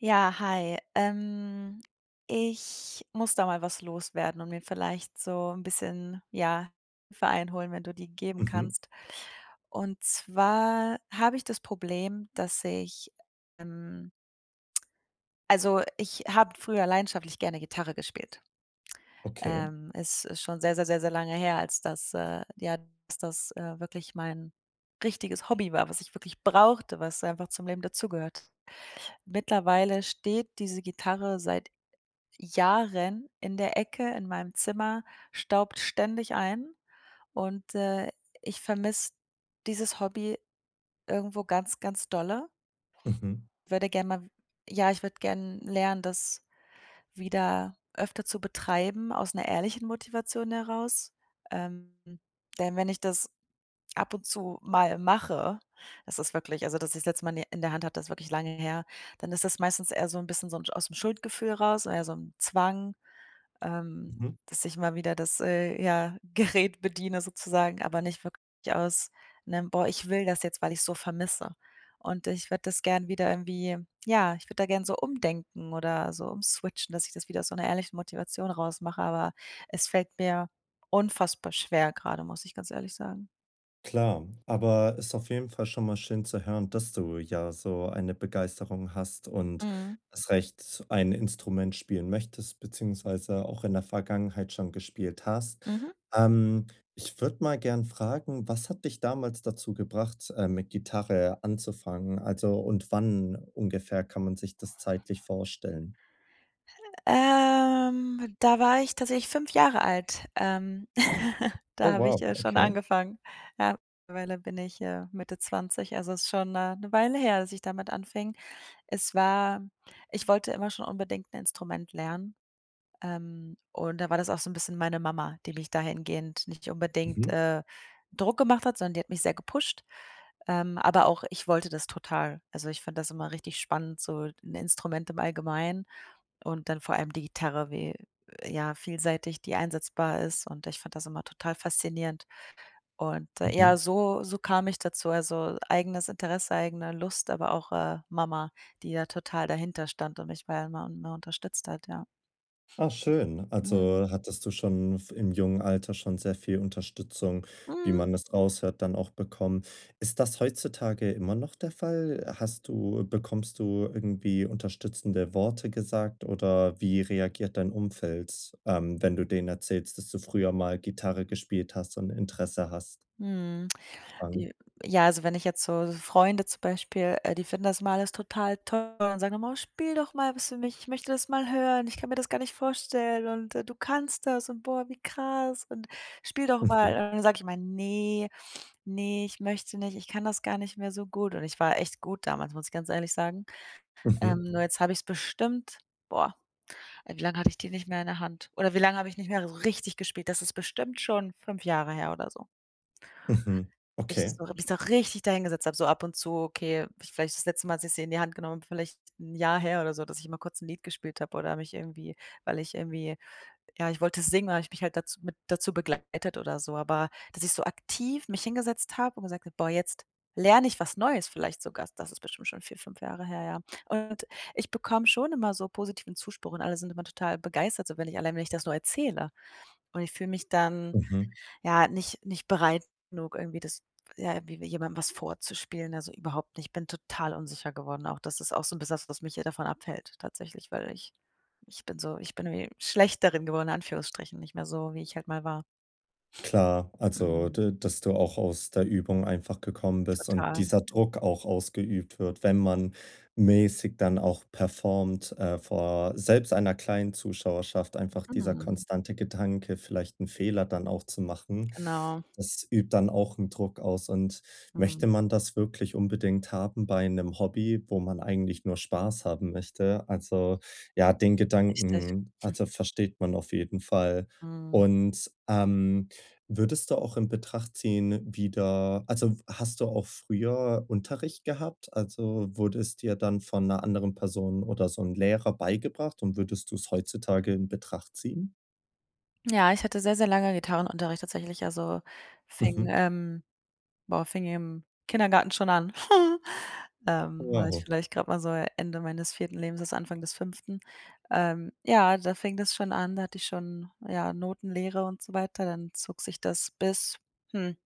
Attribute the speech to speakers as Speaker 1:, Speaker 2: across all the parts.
Speaker 1: Ja, hi, ähm, ich muss da mal was loswerden und mir vielleicht so 'n bisschen, ja, Hilfe einholen, wenn du die geben
Speaker 2: Mhm.
Speaker 1: kannst. Und zwar habe ich das Problem, dass ich, ähm also, ich habe früher leidenschaftlich gerne Gitarre gespielt.
Speaker 2: Okay.
Speaker 1: Ähm, es ist schon sehr, sehr, sehr, sehr lange her, als das äh, ja, als das, äh, wirklich mein richtiges Hobby war, was ich wirklich brauchte, was einfach zum Leben dazugehört. Mittlerweile steht diese Gitarre seit Jahren in der Ecke in meinem Zimmer, staubt ständig ein und, äh, ich vermisse dieses Hobby irgendwo ganz, ganz dolle.
Speaker 2: Mhm.
Speaker 1: Würde gerne ma ja, ich würde gerne lernen, das wieder öfter zu betreiben, aus 'ner ehrlichen Motivation heraus. Ähm, denn wenn ich das ab und zu mal mache das ist wirklich also, dass ich das letzte Mal in die in der Hand hatte ist wirklich lange her. Dann ist das meistens eher so 'n bisschen so aus dem Schuldgefühl raus, oder eher so 'n Zwang. Ähm,
Speaker 2: Mhm.
Speaker 1: dass ich mal wieder das, äh, ja, Gerät bediene sozusagen, aber nicht wirklich aus 'nem: „Boah, ich will das jetzt, weil ich's so vermisse.“ Und ich würde das gerne wieder irgendwie ja, ich würde da gerne so umdenken oder so umswitchen, dass ich das wieder aus einer ehrlichen Motivation raus mache, aber es fällt mir unfassbar schwer gerade, muss ich ganz ehrlich sagen.
Speaker 2: Klar, aber ist auf jeden Fall schon mal schön zu hören, dass du ja so eine Begeisterung hast und
Speaker 1: Mhm.
Speaker 2: erst recht ein Instrument spielen möchtest, beziehungsweise auch in der Vergangenheit schon gespielt hast.
Speaker 1: Mhm.
Speaker 2: Ähm, ich würde mal gerne fragen: Was hat dich damals dazu gebracht, äh, mit Gitarre anzufangen? Also, und wann ungefähr kann man sich das zeitlich vorstellen?
Speaker 1: Ähm, dwa war ich tatsächlich 5 Jahre alt, ähm,
Speaker 2: Oh,
Speaker 1: da habe ich,
Speaker 2: wow,
Speaker 1: äh, schon
Speaker 2: okay.
Speaker 1: angefangen. Ja, mittlerweile bin ich, äh, Mitte 20, also es ist schon 'ne 'ne Weile her, dass ich damit anfing. Es war ich wollte immer schon unbedingt 'n Instrument lernen, ähm, und da war das auch so 'n bisschen meine Mama, die mich dahingehend nicht unbedingt,
Speaker 2: Mhm.
Speaker 1: äh, Druck gemacht hat, sondern die hat mich sehr gepusht. Ähm, aber auch ich wollte das total. Also, ich fand das immer richtig spannend, so 'n Instrument im Allgemeinen und dann vor allem die Gitarre wie, ja, vielseitig, die einsetzbar ist, und ich fand das immer total faszinierend. Und ja,
Speaker 2: Mhm.
Speaker 1: so so kam ich dazu. Also eigenes Interesse, eigene Lust, aber auch, äh, Mama, die ja total dahinterstand und mich ja immer, ne, unterstützt hat, ja.
Speaker 2: Ah, schön.
Speaker 1: Mhm.
Speaker 2: Also hattest du schon v im jungen Alter schon sehr viel Unterstützung, wie
Speaker 1: Mhm.
Speaker 2: man das raushört, dann auch bekommen. Ist das heutzutage immer noch der Fall? Hast du bekommst du irgendwie unterstützende Worte gesagt, oder wie reagiert dein Umfeld, ähm, wenn du denen erzählst, dass du früher mal Gitarre gespielt hast und Interesse hast?
Speaker 1: Mhm.
Speaker 2: [unintelligible]
Speaker 1: J ja. Also wenn ich jetzt so Freunde zum Beispiel, äh, die finden das immer alles total toll und sagen immer: „Oh, spiel doch mal was für mich. Ich möchte das mal hören. Ich kann mir das gar nicht vorstellen und du kannst das und boah, wie krass und spiel doch mal.”
Speaker 2: Mhm.
Speaker 1: Und dann sage ich immer: „Ne, ne, ich möchte nicht, ich kann das gar nicht mehr so gut.“ Und ich war echt gut damals, muss ich ganz ehrlich sagen. Ähm,
Speaker 2: Mhm.
Speaker 1: nur jetzt habe ich's bestimmt boah, ey, wie lange hatte ich die nicht mehr in der Hand? Oder wie lange habe ich nicht mehr richtig gespielt? Das ist bestimmt schon 5 Jahre her oder so.
Speaker 2: Mhm,
Speaker 1: Ich
Speaker 2: okay.
Speaker 1: so habe mich da richtig dahin gesetzt habe so ab und zu, okay vielleicht das letzte Mal, dass ich sie in die Hand genommen habe, vielleicht 'n Jahr her oder so, dass ich mal kurz 'n Lied gespielt habe oder mich irgendwie weil ich irgendwie ja, ich wollte singen, und dann habe ich mich halt dazu mit dazu begleitet oder so, aber dass ich so aktiv mich hingesetzt habe und gesagt habe: „Boah, jetzt lerne ich was Neues, vielleicht sogar.”, das ist bestimmt schon 4, 5 Jahre her, ja. Und ich bekomme schon immer so positiven Zuspruch und alle sind immer total begeistert so, wenn ich allein wenn ich das nur erzähle. Und ich fühle mich dann,
Speaker 2: Mhm.
Speaker 1: ja, nicht nicht bereit genug, irgendwie das ja, irgendwie jemandem was vorzuspielen, also überhaupt nicht. Ich bin total unsicher geworden auch das ist auch so'n bisschen das, was mich hier davon abhält, tatsächlich, weil ich ich bin so ich bin irgendwie schlecht darin geworden, in Anführungsstrichen nicht mehr so, wie ich halt mal war.
Speaker 2: Klar, also
Speaker 1: Mhm.
Speaker 2: d dass du auch aus der Übung einfach gekommen bist und
Speaker 1: Total.
Speaker 2: dieser Druck auch ausgeübt wird, wenn man mäßig dann auch performt, äh, vor selbst einer kleinen Zuschauerschaft einfach dieser
Speaker 1: Mhm.
Speaker 2: konstante Gedanke, vielleicht 'n Fehler dann auch zu machen.
Speaker 1: Genau.
Speaker 2: Das übt dann auch 'n Druck aus und
Speaker 1: Mhm.
Speaker 2: möchte man das wirklich unbedingt haben bei 'nem Hobby, wo man eigentlich nur Spaß haben möchte? Also ja, den
Speaker 1: Richtig.
Speaker 2: Gedanken, also, versteht man auf jeden Fall.
Speaker 1: Mhm.
Speaker 2: Und, ähm, würdest du auch in Betracht ziehen, wieder also hast du auch früher Unterricht gehabt? Also wurde es dir dann von 'ner anderen Person oder so 'n Lehrer beigebracht und würdest du's heutzutage in Betracht ziehen?
Speaker 1: Ja, ich hatte sehr, sehr lange Gitarrenunterricht tatsächlich, also, fing
Speaker 2: Mhm.
Speaker 1: ähm, boah, fing im Kindergarten schon an. Ähm, da war ich
Speaker 2: [unintelligible]
Speaker 1: vielleicht gerade mal so Ende meines 4. Lebensjahres, Anfang des 5. Ähm ja, da fing das schon an, da hatte ich schon, ja, Notenlehre und so weiter, dann zog sich das bis, hm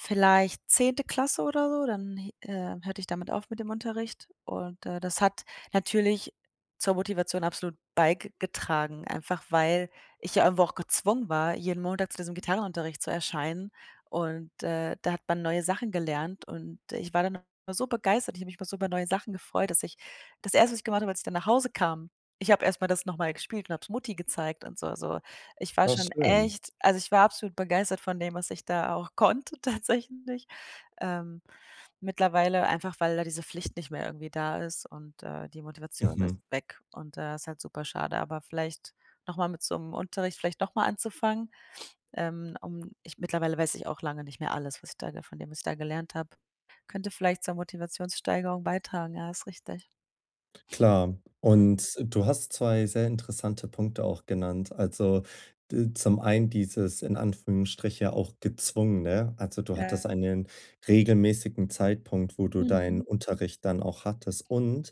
Speaker 1: vielleicht 10. Klasse oder so, dann, hi äh, hörte ich damit auf mit dem Unterricht und, äh, das hat natürlich zur Motivation absolut beigetragen, einfach, weil ich ja irgendwo auch gezwungen war, jeden Montag zu diesem Gitarrenunterricht zu erscheinen. Und, äh, da hat man neue Sachen gelernt, und ich war dann immer so begeistert, ich habe mich immer so über neue Sachen gefreut, dass ich das 1., was ich gemacht habe, als ich dann nach Hause kam ich habe erstmal das nochmal gespielt und hab es Mutti gezeigt und so, so. Ich war
Speaker 2: Ah
Speaker 1: schon
Speaker 2: schön.
Speaker 1: echt also, ich war absolut begeistert von dem, was ich da auch konnte tatsächlich. Ähm, mittlerweile einfach, weil da diese Pflicht nicht mehr irgendwie da ist und äh, die Motivation ist
Speaker 2: Mhm.
Speaker 1: weg und, äh, ist halt super schade, aber vielleicht nochmal mit so 'm Unterricht vielleicht nochmal anzufangen, ähm, um ich mittlerweile weiß ich auch lange nicht mehr alles, was ich da von dem was ich da gelernt habe. Könnte vielleicht zur Motivationssteigerung beitragen, ja, ist richtig.
Speaker 2: Klar.
Speaker 1: Mhm.
Speaker 2: Und du hast 2 sehr interessante Punkte auch genannt. Also, d zum einen dieses in Anführungsstriche auch gezwungen, ne? Also, du hattest
Speaker 1: Ja.
Speaker 2: einen regelmäßigen Zeitpunkt, wo du deinen
Speaker 1: Mhm.
Speaker 2: Unterricht dann auch hattest und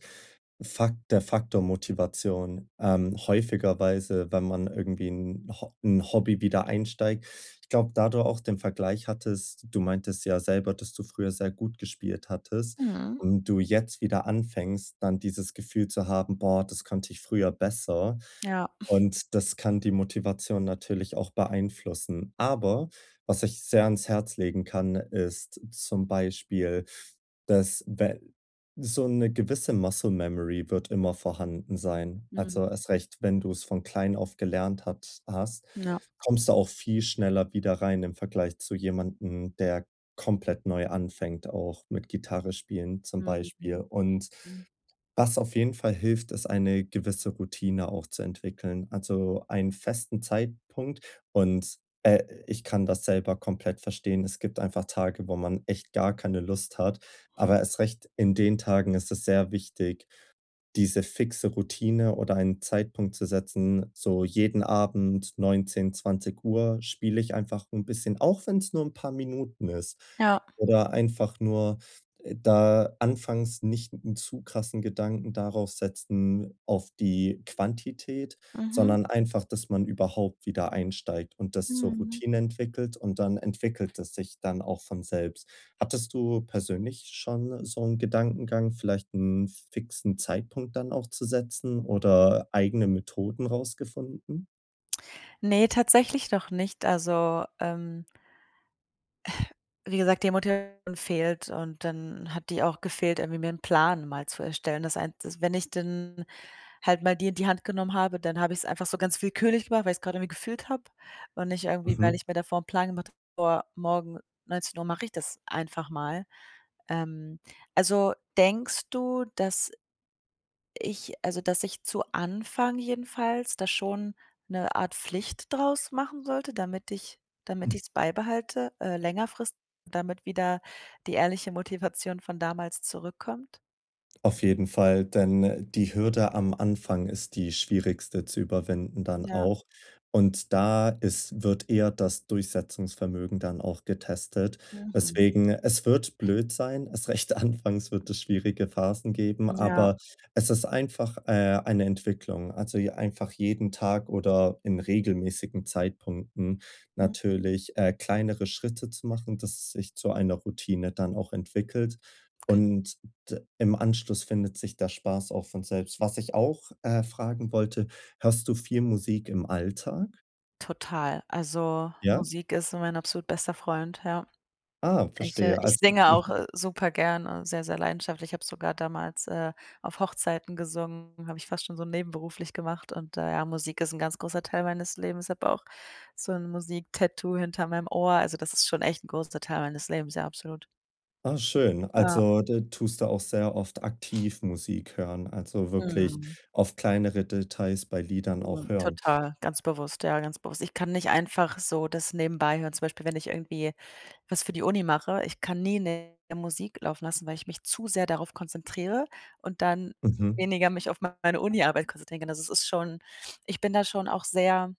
Speaker 2: Fakt der Faktor Motivation. Ähm, häufigerweise, wenn man irgendwie 'n Ho in Hobby wieder einsteigt Ich glaube, da du auch den Vergleich hattest Du meintest ja selber, dass du früher sehr gut gespielt hattest
Speaker 1: Mhm.
Speaker 2: und du jetzt wieder anfängst dann dieses Gefühl zu haben: „Boah, das konnte ich früher besser.“
Speaker 1: Ja.
Speaker 2: Und das kann die Motivation natürlich auch beeinflussen. Aber was ich sehr ans Herz legen kann, ist zum Beispiel dass we so 'ne gewisse Muscle-Memory wird immer vorhanden sein. Also,
Speaker 1: Mhm.
Speaker 2: erst recht, wenn du's von klein auf gelernt hat hast,
Speaker 1: Ja.
Speaker 2: kommst du auch viel schneller wieder rein im Vergleich zu jemandem, der komplett neu anfängt, auch mit Gitarre spielen zum
Speaker 1: Mhm,
Speaker 2: Beispiel.
Speaker 1: mhm.
Speaker 2: Und
Speaker 1: Mhm.
Speaker 2: was auf jeden Fall hilft, ist eine gewisse Routine auch zu entwickeln. Also, einen festen Zeitpunkt. Und, äh, ich kann das selber komplett verstehen. Es gibt einfach Tage, wo man echt gar keine Lust hat.
Speaker 1: Hm.
Speaker 2: Aber erst recht in den Tagen ist es sehr wichtig, diese fixe Routine oder einen Zeitpunkt zu setzen, so jeden Abend 19, 20:00 spiele ich einfach 'n bisschen, auch wenn's nur 'n paar Minuten ist,
Speaker 1: Ja.
Speaker 2: oder einfach nur da anfangs nicht 'n zu krassen Gedanken darauf setzen auf die Quantität,
Speaker 1: Mhm.
Speaker 2: sondern einfach, dass man überhaupt wieder einsteigt und das zur
Speaker 1: Mhm.
Speaker 2: Routine entwickelt. Und dann entwickelt es sich dann auch von selbst. Hattest du persönlich schon so 'n Gedankengang, vielleicht 'n fixen Zeitpunkt dann auch zu setzen oder eigene Methoden rausgefunden?
Speaker 1: Ne, tatsächlich noch nicht, also, ähm wie gesagt, die Motivation fehlt und dann hat die auch gefehlt, irgendwie mir 'n Plan mal zu erstellen. Das ein das wenn ich dann halt mal die in die Hand genommen habe, dann habe ich es einfach so ganz willkürlich gemacht, weil ich es gerade irgendwie gefühlt habe und nicht irgendwie, weil
Speaker 2: Mhm.
Speaker 1: ich mir davor 'n Plan gemacht habe, vor morgen 19:00 mache ich das einfach mal. Ähm, also denkst du, dass ich also, dass ich zu Anfang jedenfalls da schon 'ne Art Pflicht draus machen sollte, damit ich damit
Speaker 2: Hm.
Speaker 1: ich es beibehalte, äh, längerfristig, damit wieder die ehrliche Motivation von damals zurückkommt?
Speaker 2: Auf jeden Fall, denn, äh, die Hürde am Anfang ist die schwierigste zu überwinden dann
Speaker 1: Ja.
Speaker 2: auch. Und da ist wird eher das Durchsetzungsvermögen dann auch getestet,
Speaker 1: Mhm.
Speaker 2: weswegen Es wird blöd sein. Erst recht anfangs wird es schwierige Phasen geben,
Speaker 1: Ja.
Speaker 2: aber es ist einfach, äh, eine Entwicklung. Also, je einfach jeden Tag oder in regelmäßigen Zeitpunkten
Speaker 1: Mhm.
Speaker 2: natürlich, äh, kleinere Schritte zu machen, dass es sich zu einer Routine dann auch entwickelt.
Speaker 1: Okay.
Speaker 2: Und d im Anschluss findet sich der Spaß auch von selbst. Was ich auch, äh, fragen wollte, hörst du viel Musik im Alltag?
Speaker 1: Total. Also,
Speaker 2: Ja?
Speaker 1: Musik ist mein absolut bester Freund, ja.
Speaker 2: Ah,
Speaker 1: Ich, äh
Speaker 2: verstehe.
Speaker 1: ich
Speaker 2: Also
Speaker 1: singe auch,
Speaker 2: mhm.
Speaker 1: äh, super gerne sehr, sehr leidenschaftlich. Ich habe sogar damals, äh, auf Hochzeiten gesungen, habe ich fast schon so nebenberuflich gemacht und, äh, ja, Musik ist 'n ganz großer Teil meines Lebens. Ich habe auch so 'n Musik-Tattoo hinter meinem Ohr, also, das ist schon echt 'n großer Teil meines Lebens, ja, absolut.
Speaker 2: Ah schön.
Speaker 1: Ja.
Speaker 2: Also, da tust du auch sehr oft aktiv Musik hören. Also, wirklich
Speaker 1: Mhm.
Speaker 2: auf kleinere Details bei Liedern auch
Speaker 1: Mhm,
Speaker 2: hören.
Speaker 1: total, ganz bewusst, ja, ganz bewusst. Ich kann nicht einfach so das nebenbei hören, zum Beispiel, wenn ich irgendwie was für die Uni mache, ich kann nie 'ne Musik laufen lassen, weil ich mich zu sehr darauf konzentriere und dann
Speaker 2: Mhm.
Speaker 1: weniger mich auf meine Uniarbeit konzentrieren kann. Also, es ist schon ich bin da schon auch sehr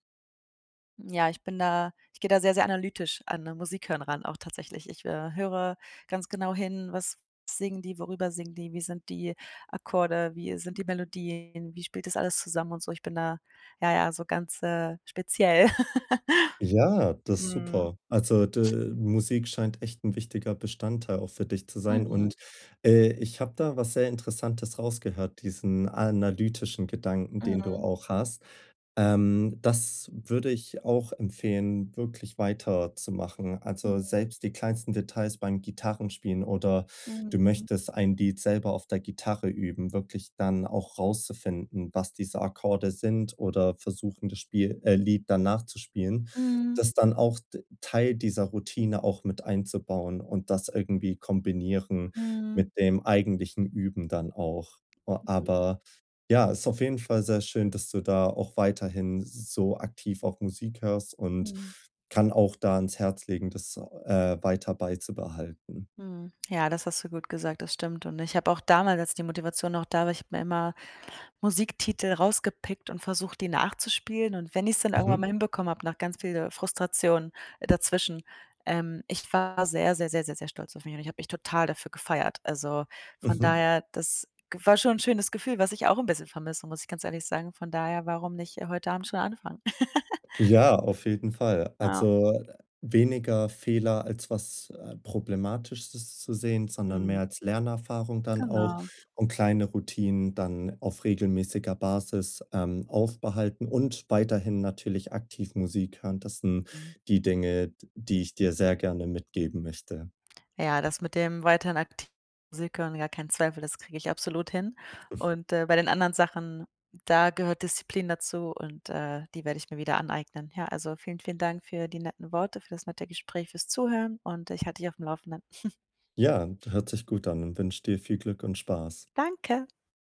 Speaker 1: ja, ich bin da ich gehe da sehr, sehr analytisch an Musikhören, auch tatsächlich. Ich, äh, höre ganz genau hin, was singen die, worüber singen die, wie sind die Akkorde, wie sind die Melodien, wie spielt das alles zusammen und so. Ich bin da, ja, ja, so ganz, äh, speziell.
Speaker 2: Ja, das ist
Speaker 1: Mhm.
Speaker 2: super. Also d Musik scheint echt 'n wichtiger Bestandteil auch für dich zu sein.
Speaker 1: Mhm.
Speaker 2: Und, äh, ich habe da was sehr Interessantes rausgehört, diesen analytischen Gedanken, den du
Speaker 1: Mhm.
Speaker 2: auch hast. Ähm, das würde ich auch empfehlen, wirklich weiterzumachen. Also,
Speaker 1: Mhm.
Speaker 2: selbst die kleinsten Details beim Gitarrenspielen oder du
Speaker 1: Mhm.
Speaker 2: möchtest ein Lied selber auf der Gitarre üben, wirklich dann auch rauszufinden, was diese Akkorde sind oder versuchen, das Spiel, äh Lied dann nachzuspielen.
Speaker 1: Mhm.
Speaker 2: Das dann auch d Teil dieser Routine auch mit einzubauen und das irgendwie kombinieren
Speaker 1: Mhm.
Speaker 2: mit dem eigentlichen Üben dann auch. O
Speaker 1: Mhm.
Speaker 2: aber, ja, ist auf jeden Fall sehr schön, dass du da auch weiterhin so aktiv auch Musik hörst und
Speaker 1: Mhm.
Speaker 2: kann auch da ans Herz legen, das, äh, weiter beizubehalten.
Speaker 1: Mhm. Ja, das hast du gut gesagt, das stimmt. Und ich habe auch damals, als die Motivation noch da war ich habe mir immer Musiktitel rausgepickt und versucht, die nachzuspielen. Und wenn ich es dann irgendwann
Speaker 2: Mhm.
Speaker 1: mal hinbekommen habe, nach ganz viel Frustration dazwischen ähm, ich war sehr, sehr, sehr, sehr, sehr stolz auf mich und ich habe mich total dafür gefeiert. Also, von
Speaker 2: Mhm.
Speaker 1: daher, das g war schon 'n schönes Gefühl, was ich auch 'n bisschen vermisse, muss ich ganz ehrlich sagen, von daher, warum nicht heute Abend schon anfangen?
Speaker 2: Ja, auf jeden Fall.
Speaker 1: Ja.
Speaker 2: Also, weniger Fehler, als was, äh, Problematisches zu sehen, sondern mehr
Speaker 1: Mhm.
Speaker 2: als Lernerfahrung dann auch
Speaker 1: Genau.
Speaker 2: und kleine Routinen dann auf regelmäßiger Basis, ähm, aufbehalten und weiterhin natürlich aktiv Musik hören. Das sind
Speaker 1: Mhm.
Speaker 2: die Dinge, d die ich dir sehr gerne mitgeben möchte.
Speaker 1: Ja, das mit dem weiterhin aktiv Musik hören, ja, kein Zweifel, das kriege ich absolut hin. Und, äh, bei den anderen Sachen, da gehört Disziplin dazu und, äh, die werde ich mir wieder aneignen. Ja, also, vielen, vielen Dank für die netten Worte, für das nette Gespräch, fürs Zuhören und ich halte dich auf dem Laufenden.
Speaker 2: Ja, d hört sich gut an und wünsche dir viel Glück und Spaß.
Speaker 1: Danke.